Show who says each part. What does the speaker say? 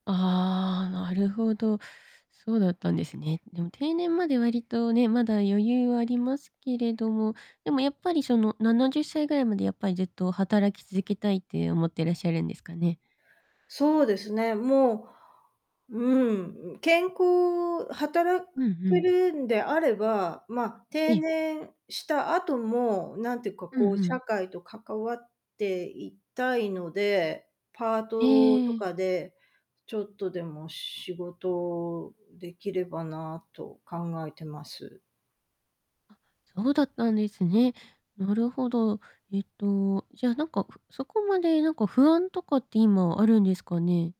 Speaker 1: ああ、なるほど。そうだったんですね。でも、定年まで割とね、まだ余裕はありますけれども。でも、やっぱり、その、70歳ぐらいまでやっぱりずっと働き続けたいって思ってらっしゃるんですかね？
Speaker 2: そうですね、もう、うん、健康働
Speaker 1: うんう
Speaker 2: け
Speaker 1: ん。
Speaker 2: るんであれば、ま、
Speaker 1: え
Speaker 2: 定
Speaker 1: え。
Speaker 2: 年した後も、なんてか
Speaker 1: うんう
Speaker 2: こう社
Speaker 1: ん。
Speaker 2: 会と関わっていたいので、パートと
Speaker 1: ええ。
Speaker 2: かで、ちょっとでも仕事できればなと考えています。
Speaker 1: あ、そうだったんですね。なるほど。えっとじゃ、なんか、ふそこまでなんか不安とかって今あるんですかね？